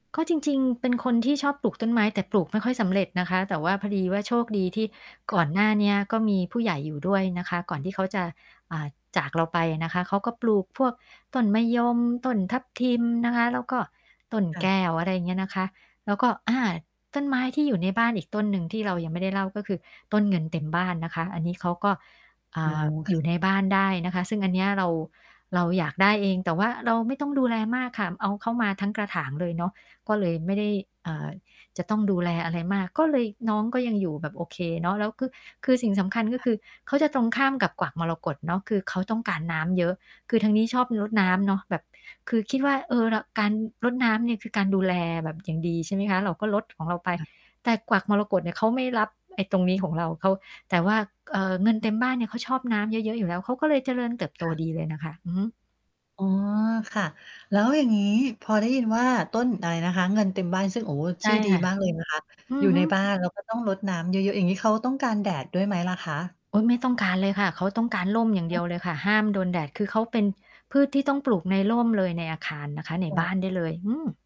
ก็จริง ๆ เป็นคนที่ชอบปลูกต้นไม้ แต่ปลูกไม่ค่อยสำเร็จนะคะ แต่ว่าพอดีว่าโชคดีที่กค่่อะ นหน้าเนี้ยก็มีผู้ใหญ่อยู่ด้วยนะคะ ก่อนที่เขาจะ อ่า จากเราไปอะนะคะ เขาก็ปลูกพวกต้นมะยม ต้นทับทิมนะคะ แล้วก็ต้นคแ่ก้ะ ว อะไรอย่างเงี้ยนะคะ แล้วก็ อ่า ต้นไม้ที่อยู่ในบ้านอีกต้นหนึ่งที่เรายังไม่ได้เล่า ก็คือต้นเงินเต็มบ้านนะคะ อันนี้เขาก็ อ่อ๋า อยู่อ ในบ้านได้นะคะ ซึ่งอันเนี้ยเรา เราอยากได้เอง แต่ว่าเราไม่ต้องดูแลมากค่ะ เอาเขามาทั้งกระถางเลยเนาะ ก็เลยไม่ได้ อ่า จะต้องดูแลอะไรมาก ก็เลย น้องก็ยังอยู่แบบโอเคเนาะ แล้วก็ คือสิ่งสำคัญ ก็ค่คะ ือเขาจะตรงข้ามกับกวักมรกตเนาะ คือเขาต้องการน้ำเยอะ คือทางนี้ชอบรดอน้ำเ๋อ นาะ แบบคือคิดว่า เออ ร การรดน้ำเนี่ยคือการดูแลแบบอย่างดี ใช่ไหมคะ เราก็รดของเราไป ค่ะ แต่กวักมรกตเนี่ยเขาไม่รับไอ้ตรงนี้ของเรา เขา แต่ว่า เอ่อ เงินเต็มบ้านเนี่ยเขาชอบน้ำเยอะ ๆ อยู่แล้ว เขาก็เลยเจริญเติบโตค่ะ ดีเลยนะคะ อือฮึ อ๋อ ค่ะ แล้วอย่างงี้พอได้ยินว่า ต้นอะไรนะคะ? เงินเต็มบ้านซึ่ง โอ้โฮ ใชช่ื่อดีค่ะ มาก เลยนะคะ อือยอู่ฮในึ บ้าน แล้วก็ต้องรดน้ำเยอะ ๆ อย่างงี้เขาต้องการแดดด้วยไหมล่ะคะ? โอ๊ย ไม่ต้องการเลยค่ะ เขาต้องการร่มอย่างเอด๋ียอ วเลยค่ะ ห้ามโดนแดด คือเขาเป็นพืชที่ต้องปลูกในร่มเลย ในอาคารนะคะ ในคบ่้าะ นได้เลย อืม